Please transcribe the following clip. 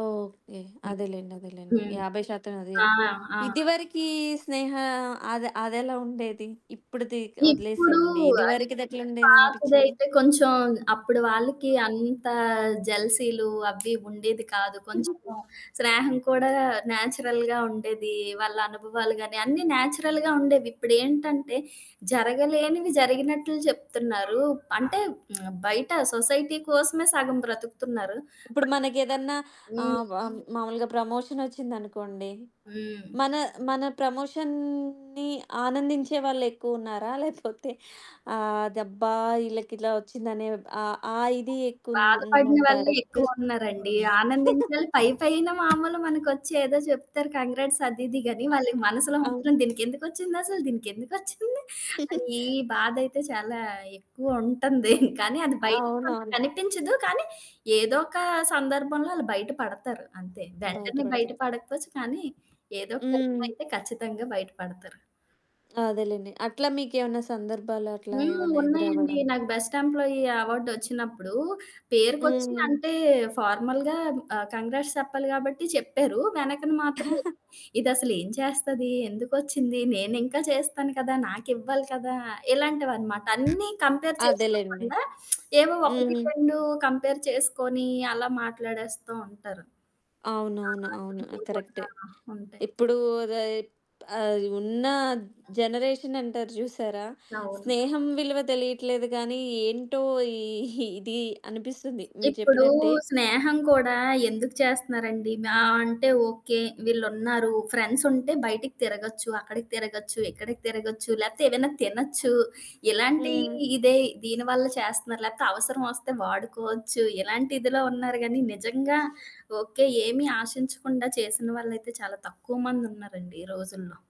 Okay. హ్మ్. అదేలెండి అదేలెండి. హ్మ్. 50% అది ఆ! యప్ ఆ! ఇదివరికి స్నేహ అద అదెలా ఉండేది? ఇప్పుడుది ఇప్పుడు ఒదిలేసేయండి. అ ఇదివరకిది ఎట్లండేదనిపిచ్చేది? పాతదైతే కొంచెం అప్పుడు వాళ్ళకి ఆ! అంత జెల్సీలు అవి ఉండేది కాదు. కొంచము స్నేహం కూడా నేచురల్‌గా ఉండేది. వాళ్ళ అనుభవాలు గాని, అన్నీ నేచురల్‌గా ఉండేవి. ఇప్పుడేంటంటే జరగలేనివి జరిగినట్లు చెప్తున్నారు. అంటే బయట సొసైటీ కోసమే సగం బ్రతుకుతున్నారు. ఇప్పుడు మనకేదన్నా బట్ హ్మ్. ఆహ్, వ మామూలుగా ప్రమోషన్ ఒచ్చిందనుకోండి. హ్మ్. మన, మన ప్రమోషన్‌ని ఆనందించే వాళ్ళెక్కువున్నారా? లేకపోతే ఆదబ్బా! ఇళ్ళకిలా ఒచ్చిందనే ఆహ్, ఆ ఇది బాధపడిన వాళ్ళే ఎక్కువుందంటారా? కిష్ ఎక్కువున్నారండి. ఆనందించాలి పై పైన మామూలు మనకొచ్చి ఏదో జెప్తారు కంగ్రాట్స్ అది ఇది గాని, ఆహ్, వాళ్ళ మనసులో ఆ! మాత్రం దీనికెందుకొచ్చిందసలు దీనికెందుకొచ్చింది? అనీ బాధయితే, చాలా ఎక్కువ ఉంటంది. కానీ, అది బయటకి మనకి అవునవును. కనిపించదు. కానీ ఏదొక సందర్భంలో ఆళ్ళు బయట పడతారంతే. వెంటనే బయట బయటపడతది. పడకపోచ్చు కానీ, ఏదోక టైంలో హ్మ్. అయితే ఖచ్చితంగా బయట పడతారు. అదేలెండి. అట్లా మీకేమన్నా సందర్భాలు అట్లా హ్మ్. ఏమన్నా ఉన్నాయండి. ఎదురవ్వడం? నాకు బెస్ట్ ఎంప్లాయీ అవార్డ్ ఒచ్చినప్పుడు పేరుకొచ్చి హ్మ్. అంటే, ఫార్మల్‌‌గా ఆహ్, కంగ్రాట్స్ చెప్పాలి గాబట్టి చెప్పారు. వెనకని మాత్రమే, ఇదసలు ఏం చేస్తది? ఎందుకొచ్చింది? నేనింకా చేస్తాను కదా! నాకివ్వాలి కదా! ఇలాంటివనమాట. అన్నీ కంపేర్ అదేలెండి. చేసుకోకుండ ఏమో, ఒకటి హ్మ్. రెండు కంపేర్ చేసుకొని, అలా మాట్లాడేస్తూ ఉంటారు. అవునవును. అవును. [unintelligible] కరెక్టే. ఉంటాయి. ఇప్పుడు ఉద ఆహ్, ఉన్న ఆ! జనరేషన్ అంటారు జూసారా? అవును. స్నేహం విలువ తెలియట్లేదు గానీ, ఏంటో ఈ ఇది అనిపిస్తుంది. మీరు ఇప్పుడు చెప్పినట్టే. స్నేహం కూడా ఎందుకు చేస్తున్నారండి. మా అంటే ఓకే, వీళ్ళున్నారు. ఫ్రెండ్స్ ఉంటే బయటికి తిరగొచ్చు. అక్కడికి తిరగొచ్చు, ఇక్కడికి తిరగొచ్చు, లేపోతే ఏమైనా తినొచ్చు. ఇలాంటి హ్మ్. ఇదే, దీని వల్ల చేస్తన్నారు. లేకపోతే అవసరం ఒస్తే వాడుకోవచ్చు. ఇలాంటిదిలో ఉన్నారు గానీ, నిజంగా ఓకే, ఏమి ఆశించకుండా చేసిన వాళ్ళైతే చాలా తక్కువ మందున్నారండి ఈ రోజుల్లో.